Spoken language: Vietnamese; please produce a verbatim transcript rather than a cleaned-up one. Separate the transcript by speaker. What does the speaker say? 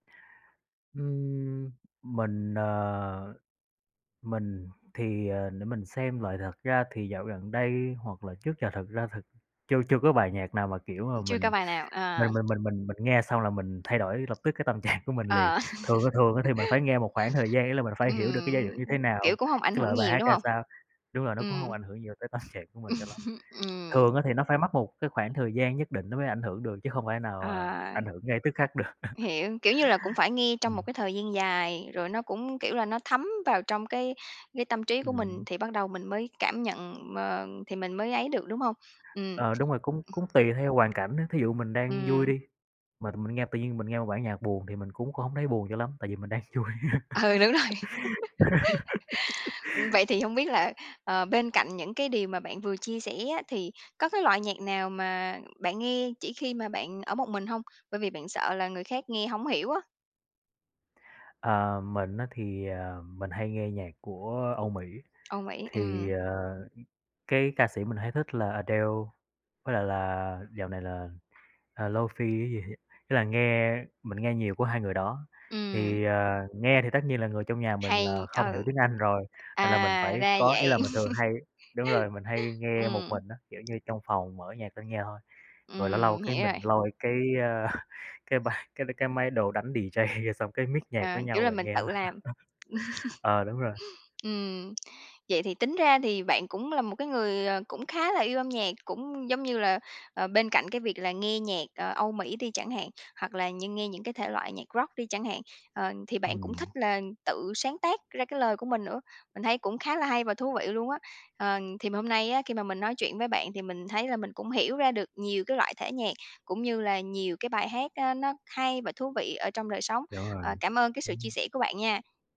Speaker 1: Ừm, mình, ờ, mình thì, ờ, để mình xem lại thật ra thì dạo gần đây hoặc là trước giờ thật ra thật chưa chưa có bài nhạc nào mà, kiểu, mà
Speaker 2: Mình chưa có
Speaker 1: mình
Speaker 2: bài nào, à.
Speaker 1: mình mình mình mình nghe xong là mình thay đổi lập tức cái tâm trạng của mình liền.
Speaker 2: Ờ.
Speaker 1: Thường á thường á thì mình phải nghe một khoảng thời gian, ý là mình phải hiểu được cái giai điệu
Speaker 2: Ừm,
Speaker 1: như thế
Speaker 2: kiểu,
Speaker 1: nào,
Speaker 2: cũng hông ảnh
Speaker 1: cái
Speaker 2: hưởng
Speaker 1: lời bài
Speaker 2: nhiều,
Speaker 1: hát
Speaker 2: đúng
Speaker 1: ra
Speaker 2: hông?
Speaker 1: sao. Đúng rồi, nó cũng hông
Speaker 2: Ừm.
Speaker 1: ảnh hưởng nhiều tới tâm trạng của mình cho lắm.
Speaker 2: Ừm, ừm.
Speaker 1: Thường á thì nó phải mất một cái khoảng thời gian nhất định nó mới ảnh hưởng được chứ không phải nào mà
Speaker 2: À.
Speaker 1: ảnh hưởng ngay tức khắc được.
Speaker 2: Hiểu, kiểu như là, cũng phải nghe trong một
Speaker 1: Ừm.
Speaker 2: cái thời gian dài, rồi nó cũng kiểu là, nó thấm vào trong cái cái tâm trí của mình
Speaker 1: Ừm.
Speaker 2: thì bắt đầu mình mới cảm nhận, ờ, thì mình mới ấy được, đúng hông? Ừm.
Speaker 1: Ờ, đúng rồi, cũng
Speaker 2: Ừm.
Speaker 1: cũng tùy theo hoàn cảnh á, thí dụ mình đang vui
Speaker 2: Ừm.
Speaker 1: đi, mà mình nghe tự nhiên mình nghe một bản nhạc buồn thì mình cũng cũng hông thấy buồn cho lắm, tại vì mình đang vui.
Speaker 2: Ừ, đúng rồi. Vậy thì hông biết là, ờ, bên cạnh những cái điều mà bạn vừa chia sẻ á, thì có cái loại nhạc nào mà bạn nghe chỉ khi mà bạn ở một mình hông? Bởi vì bạn sợ là người khác nghe hông hiểu á.
Speaker 1: À, mình á thì, ờ, mình hay nghe nhạc của Âu Mỹ,
Speaker 2: Ô, vậy á?
Speaker 1: thì,
Speaker 2: Ừm.
Speaker 1: ờ, cái ca sĩ mình hay thích là Adele, với lại là dạo này là, à, Lofi cái gì ấy, tức là nghe mình nghe nhiều của hai người đó.
Speaker 2: Ừm.
Speaker 1: Thì, à, nghe thì tất nhiên là người trong nhà mình
Speaker 2: Hay,
Speaker 1: là không hiểu
Speaker 2: ừ.
Speaker 1: tiếng Anh rồi, nên là mình
Speaker 2: À
Speaker 1: phải
Speaker 2: ra
Speaker 1: có ý là
Speaker 2: vậy.
Speaker 1: mình thường hay đúng rồi mình hay nghe một
Speaker 2: Ừm.
Speaker 1: mình á, kiểu như, trong phòng mở nhạc lên nghe thôi. Rồi lâu lâu
Speaker 2: Ừm,
Speaker 1: cái
Speaker 2: hiểu
Speaker 1: mình
Speaker 2: rồi.
Speaker 1: lôi cái, à, cái bàn cái cái máy, đồ đánh D-J xong cái mix nhạc
Speaker 2: À,
Speaker 1: với
Speaker 2: kiểu
Speaker 1: nhau
Speaker 2: là,
Speaker 1: rồi
Speaker 2: mình
Speaker 1: nghe.
Speaker 2: tự làm.
Speaker 1: Ờ, đúng rồi.
Speaker 2: Ừm, vậy thì tính ra thì bạn cũng là một cái người, ờ, cũng khá là yêu âm nhạc, cũng giống như là, ờ, bên cạnh cái việc là nghe nhạc, ờ, Âu Mỹ đi chẳng hạn, hoặc là như nghe những cái thể loại nhạc rock đi chẳng hạn, ờ, thì bạn cũng thích
Speaker 1: Ừm.
Speaker 2: là tự sáng tác ra cái lời của mình nữa. Mình thấy cũng khá là hay và thú vị luôn á. Ờ, thì hôm nay á, khi mà mình nói chuyện với bạn thì mình thấy là mình cũng hiểu ra được nhiều cái loại thể nhạc cũng như là nhiều cái bài hát á nó hay và thú vị ở trong đời sống.
Speaker 1: Hiểu
Speaker 2: Ờ,
Speaker 1: rồi,
Speaker 2: cảm ơn cái sự chia
Speaker 1: đúng.
Speaker 2: sẻ của bạn nha!